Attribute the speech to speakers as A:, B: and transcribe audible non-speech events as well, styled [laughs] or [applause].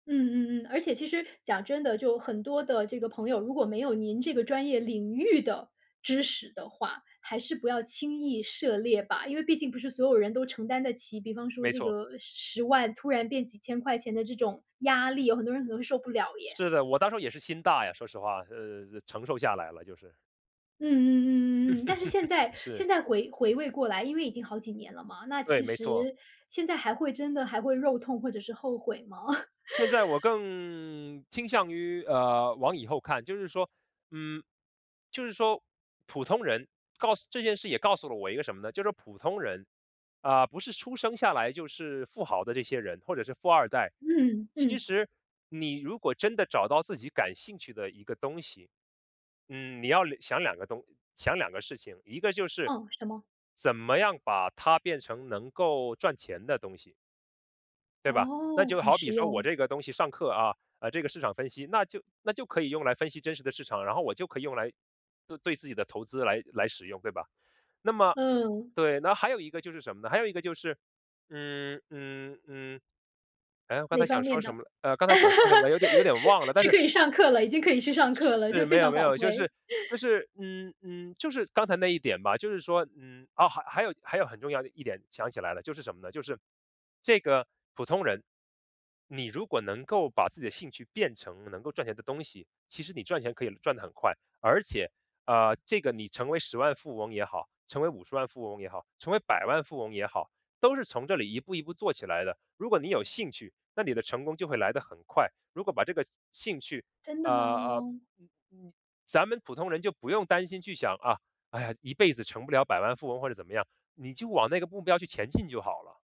A: 嗯嗯嗯，而且其实讲真的，就很多的这个朋友，如果没有您这个专业领域的知识的话，还是不要轻易涉猎吧。因为毕竟不是所有人都承担得起，比方说
B: 没
A: 这
B: 错。
A: 个10万突然变几千块钱的这种压力，有很多人可能会受不了耶。
B: 是的，我当初也是心大呀，说实话，呃，承受下来了，就是。
A: 嗯嗯嗯嗯嗯，但是现
B: [laughs]
A: 在
B: 是。
A: 现在回回味过来，因为已经好几年了嘛，那
B: 对，
A: 其
B: 没错。
A: 实现在还会真的还会肉痛或者是后悔吗？
B: 会在我
A: [laughs]
B: 更倾向于，呃，往以后看就是说嗯，就是说普通人告诉这件事也告诉了我一个什么呢，就是普通人，啊，不是出生下来就是富豪的这些人，或者是富二代。
A: 嗯，
B: 其
A: 嗯。
B: 实你如果真的找到自己感兴趣的一个东西。嗯，你要留想2个东想2个事情，一个就是，
A: 嗯，什么？
B: 怎么样把它变成能够赚钱的东西。对吧，那
A: 哦，
B: 就
A: 很
B: 好
A: 实
B: 比说我
A: 用。
B: 这个东西上课啊，呃，这个市场分析，那就那就可以用来分析真实的市场，然后我就可以用来，呃，对自己的投资来来使用，对吧？那么
A: 嗯。
B: 对，那还有一个就是什么呢？还有一个就是，嗯嗯嗯。哎，我刚
A: 哪
B: 才
A: 方
B: 想说
A: 面
B: 什
A: 的。
B: 么呃，刚才想说什么了，有点有点忘了，
A: [laughs]
B: 但
A: 是
B: 是
A: 可以上课了，已经可以去上课了，
B: 是，
A: 就
B: 没
A: 非
B: 有
A: 常
B: 没
A: 宝
B: 有，就
A: 贵。
B: 是就
A: [laughs]
B: 是嗯嗯，就是刚才那一点吧，就是说，嗯，哦，还有还有很重要的一点，想起来了，就是什么呢？就是这个普通人，你如果能够把自己的兴趣变成能够赚钱的东西，其实你赚钱可以赚得很快。而且，啊，这个你成为10万富翁也好，成为50万富翁也好，成为百万富翁也好，都是从这里一步一步做起来的。如果你有兴趣，那你的成功就会来得很快。如果把这个兴趣，
A: 真的
B: 啊啊，
A: 吗？
B: 嗯嗯，咱们普通人就不用担心去想，啊，哎呀，一辈子成不了百万富翁或者怎么样，你就往那个目标去前进就好了。